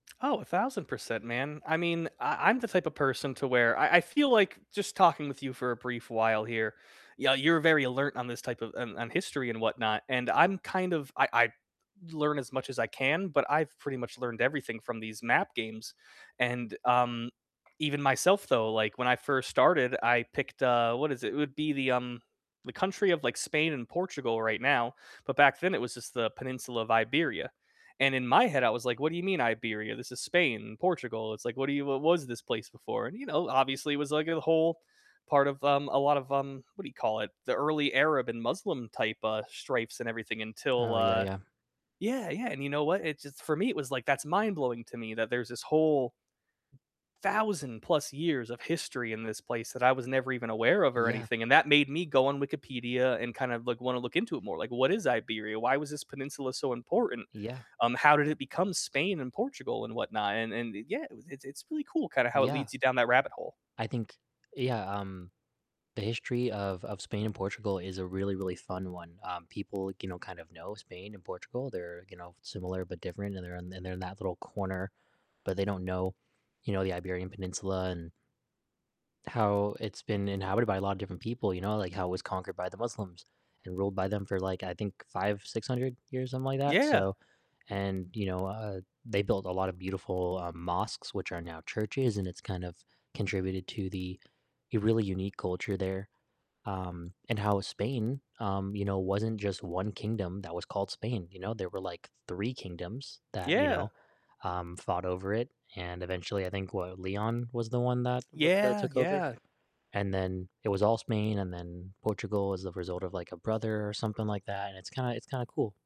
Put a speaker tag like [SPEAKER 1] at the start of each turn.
[SPEAKER 1] Oh, 1,000%, man, I mean, I I'm the type of person to where I I feel like just talking with you for a brief while here, yeah, you're very alert on this type of, on on history and whatnot, and I'm kind of I I learn as much as I can, but I've pretty much learned everything from these map games, and, um, even myself though, like, when I first started, I picked, uh what is it? It would be the, um, the country of, like, Spain and Portugal right now, but back then it was just the Peninsula of Iberia, and in my head I was like, "What do you mean Iberia? This is Spain, Portugal." It's like, "What do you what what was this place before?" you know, obviously it was like a whole part of um, a lot of, um, what do you call it? The early Arab and Muslim type, uh, stripes and everything until,
[SPEAKER 2] Oh, yeah,
[SPEAKER 1] uh
[SPEAKER 2] yeah.
[SPEAKER 1] Yeah, yeah, and you know what? It just for me it was, like, that's mind blowing to me that there's this whole thousand plus years of history in this place that I was never even aware of or
[SPEAKER 2] Yeah.
[SPEAKER 1] anything, and that made me go on Wikipedia and kind of look like, wanna look into it more, like, what is Iberia? Why was this peninsula so important?
[SPEAKER 2] Yeah.
[SPEAKER 1] Um, how did it become Spain, and Portugal, and whatnot? And and yeah, it it's it's really cool kinda how it
[SPEAKER 2] Yeah.
[SPEAKER 1] leads you down that rabbit hole.
[SPEAKER 2] I think yeah, um, the history of of Spain and Portugal is a really, really fun one, um, people, you know, kind of know Spain and Portugal. They're, you know, similar but different, and they're in and they're in that little corner, but they don't know, you know, the Iberian Peninsula and how it's been inhabited by a lot of different people, you know, like, how it was conquered by the Muslims, and ruled by them for, like, I think, 5 600 years, something like that,
[SPEAKER 1] Yeah.
[SPEAKER 2] so and, you know, uh, they built a lot of beautiful, uh, mosques, which are now churches, and it's kind of contributed to the a really unique culture there. Um, and how Spain, um, you know, wasn't just 1 kingdom that was called Spain, you know, there were, like, 3 kingdoms that, you
[SPEAKER 1] Yeah.
[SPEAKER 2] know, um, fought over it, and eventually I think what Leon was the one that w that
[SPEAKER 1] Yeah,
[SPEAKER 2] took over it.
[SPEAKER 1] yeah.
[SPEAKER 2] and then it was all Spain, and then Portugal was the result of, like, a brother, or something like that, and it's kinda it's kinda cool.